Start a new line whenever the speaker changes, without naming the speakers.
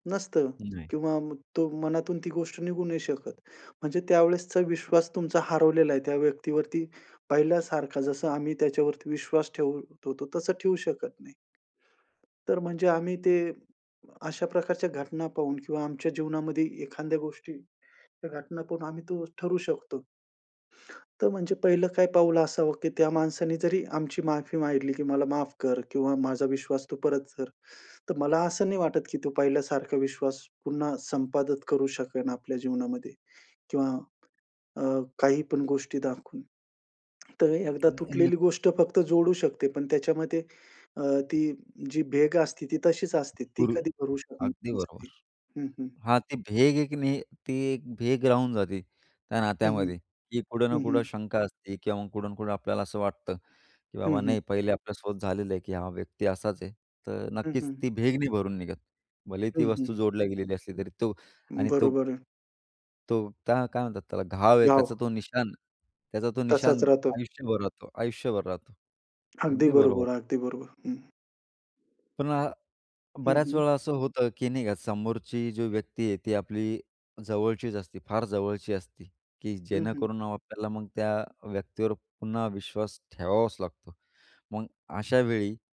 नसतं
नाही.
किंवा तो मनातून ती गोष्ट निघू नाही शकत. म्हणजे त्यावेळेसचा विश्वास तुमचा हरवलेला आहे. त्या व्यक्तीवरती पहिल्यासारखा जसं आम्ही त्याच्यावरती विश्वास ठेवत होतो तसं ठेवू शकत नाही. तर म्हणजे आम्ही ते अशा प्रकारच्या घटना पाहून किंवा आमच्या जीवनामध्ये एखाद्या गोष्टीच्या घटना पाहून आम्ही तो ठरवू शकतो. तर म्हणजे पहिलं काय पाऊल असावं, की त्या माणसाने जरी आमची माफी मागितली, की "मला माफ कर किंवा माझा विश्वास तू परत कर." तर मला असं नाही वाटत, की तो पहिल्यासारखा विश्वास पुन्हा संपादित करू शकेन आपल्या जीवनामध्ये किंवा अ, काही पण गोष्टी दाखवून. तर एकदा
नाही अ,
तुटलेली
नक्कीच.
गोष्ट फक्त जोडू शकते, पण त्याच्यामध्ये अ, ती जी भेग असते ती तशीच असते. ती कधी भरू शकणार
अगदी बरोबर,
नसते. हं, हं.
हां, ती भेग एक नाही, ती एक भेग राहून जाते त्या
हं, हं.
नात्यामध्ये, की कुठं ना
हं,
कुठं
हं.
शंका असते किंवा मग कुठं ना कुठं आपल्याला असं वाटतं, की
हं,
बाबा नाही,
हं.
पहिले आपल्याला सोबत झालेलं आहे, की हा व्यक्ती असाच आहे, तर
हं,
नक्कीच
हं.
ती भेग नाही भरून निघत. भलेही
हं,
ती वस्तू जोडली गेलेली असली तरी
हं.
तो आणि तो
बरोबर आहे.
तो, त्या काय म्हणतात त्याला? घाव आहे
गाव.
त्याचा तो निशाण, त्याचा तो निशाण
तसाच राहतो.
आयुष्यभर राहतो आयुष्यभर राहतो.
अगदी
अगदी बरोबर.
बरोबर, अगदी बरोबर. हं.
पुन्हा
हं,
बऱ्याच
हं.
वेळा असं होतं, की नाही का समोरची जी व्यक्ती आहे ती आपली जवळचीच असते, फार जवळची असती की
हं, हं.
जेणेकरून आपल्याला मग त्या व्यक्तीवर पुन्हा विश्वास ठेवावाच लागतो. मग अशावेळी